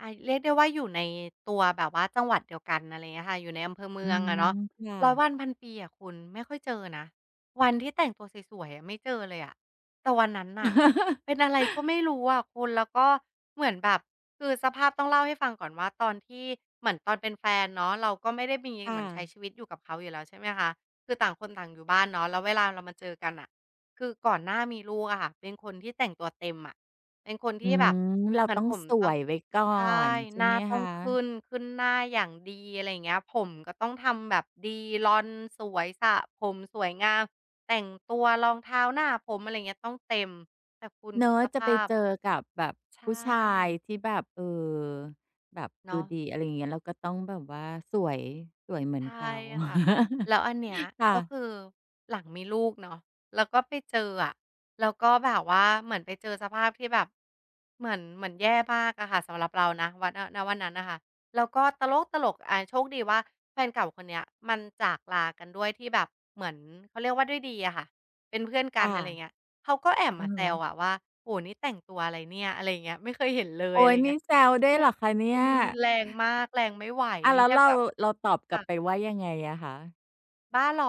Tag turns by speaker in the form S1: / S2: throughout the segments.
S1: อา เรียกได้ว่าอยู่ในตัวแบบว่าจังหวัดเดียวกัน อะไรอย่างเงี้ยอะค่ะ อยู่ในอำเภอเม
S2: อ
S1: ื
S2: ื
S1: องอ
S2: ม
S1: ะเนาะ
S2: ค่
S1: ร้อยว
S2: ะ
S1: ันพันปีอะคุณไม่ค่อยเจอนะ วันที่แต่งตัวสวย ๆ อะไม่เจอเลยอะ แต่วันนั้นน่tเป็นอะไรก็ไม่รู้อะคุณ แล้วก็เหมือนแบบ คือสภาพ ต้องเล่าให้ฟังก่อนว่าตอนที่ เหมือนตอนเป็นแฟนเนาะ เราก็ไม่ได้มี
S2: ค่
S1: เหมือนใช้
S2: ะ
S1: ชีวิตอยู่กับเขาอยู่แล้ว ใช่ไหมคะ คือต่างคนต่างอยู่บ้านเนาะ แล้วเวลาเรามาเจอกันน่ะ คือก่อนหน้ามีลูกอะค่ะ เป็นคนที่แต่งตัวเต็มอะ เป็นคนท
S2: อื
S1: ี่แบบ
S2: ม เรา
S1: เหมือ
S2: ต
S1: น
S2: ้อง
S1: ผม
S2: ส
S1: ต้อ
S2: ว
S1: ง
S2: ยไว้ก่อ
S1: ใช่
S2: นใช่
S1: หน้า
S2: ไหม
S1: ต้
S2: ค
S1: อง
S2: ะ?
S1: ขึ้น ขึ้นหน้าอย่างดี อะไรอย่างเงี้ย ผมก็ต้องทำแบบดี ลอนสวย สระผมสวยงาม แต่งตัว รองเท้า หน้าผม อะไรอย่างเงี้ย ต้องเต็ม แต่คุณ
S2: เนา
S1: คิด
S2: ะ
S1: ส
S2: จ
S1: ภ
S2: ะไป
S1: าพ
S2: เจอกับแบบ
S1: ใช
S2: ผู้ชาย
S1: ่
S2: ที่แบบ เออ แบบ
S1: เน
S2: ด
S1: า
S2: ูดี อ
S1: ะ
S2: ะไรอย่างเงี้ย เราก็ต้องแบบว่าสวย สวยเหมื
S1: ใ
S2: อ
S1: ช
S2: น
S1: ่
S2: เขา
S1: ค่ะ แล้วอันเนี้ย
S2: ค่
S1: ก็
S2: ะ
S1: คือหลังมีลูกเนาะ แล้วก็ไปเจออะ แล้วก็แบบว่าเหมือนไปเจอสภาพที่แบบ เหมือน เหมือนแย่มากอะค่ะ สำหรับเรานะ ว ณ ณ วันนั้นน่ะค่ะ แล้วก็ตลกตลกอะ โชคดีว่าแฟนเก่าคนเนี้ย มันจากลากันด้วยที่แบบเหมือน เขาเรียกว่าด้วยดีอะค่ะ เป็นเพื่อนก
S2: ค
S1: ัน
S2: ่ะ
S1: อะไรอย่างเงี้ย เขาก็แอบ
S2: อื
S1: มา
S2: อฮ
S1: แซว
S2: ึ
S1: อะว่า "โอ้โฮ! นี่แต่งตัวอะไรเนี่ย" อะไรอย่างเงี้ย "ไม่เคยเห็นเลย"
S2: โอ
S1: อ
S2: ๊
S1: ะไร
S2: ย น
S1: เงี
S2: ี่
S1: ้ย
S2: แซวด้วยเหรอคะเน
S1: ค
S2: ี
S1: ื
S2: ่
S1: อ
S2: ย?
S1: รุนแรงมาก แรงไม่ไหว
S2: อา
S1: นี
S2: แ
S1: ่
S2: ล้
S1: แ
S2: ว
S1: ค่
S2: เร
S1: แ
S2: า
S1: บบว่า
S2: เราตอบ
S1: ค
S2: กล
S1: ่
S2: ับ
S1: ะ
S2: ไปว่ายังไงอะคะ?
S1: บ้าเหรอ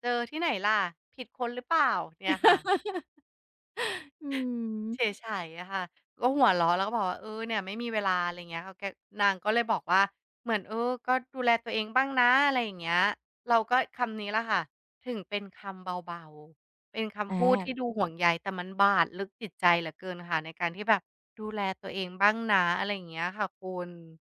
S1: เจอที่ไหนล่ะ? ผิดคนหรือเปล่า? เนี่ยค่ะ
S2: อืม
S1: เฉไฉอะค่ะ ก็หัวเราะแล้วก็บอกว่า เออ เนี่ยไม่มีเวลา อะไรอย่างเงี้ยค่ะ แก นางก็เลยบอกว่า "เหมือน เออ ก็ดูแลตัวเองบ้างนะ" อะไรอย่างเงี้ย เราก็คำนี้แหละค่ะ ถึงเป็นคำเบา ๆ เป็นคำพูดท
S2: อ
S1: ี
S2: า
S1: ่ดูห่วงใย แต่มันบาดลึกจิตใจเหลือเกินค่ะ ในการที่แบบ "ดูแลตัวเองบ้างนะ" อะไรอย่างเงี้ยค่ะคุณ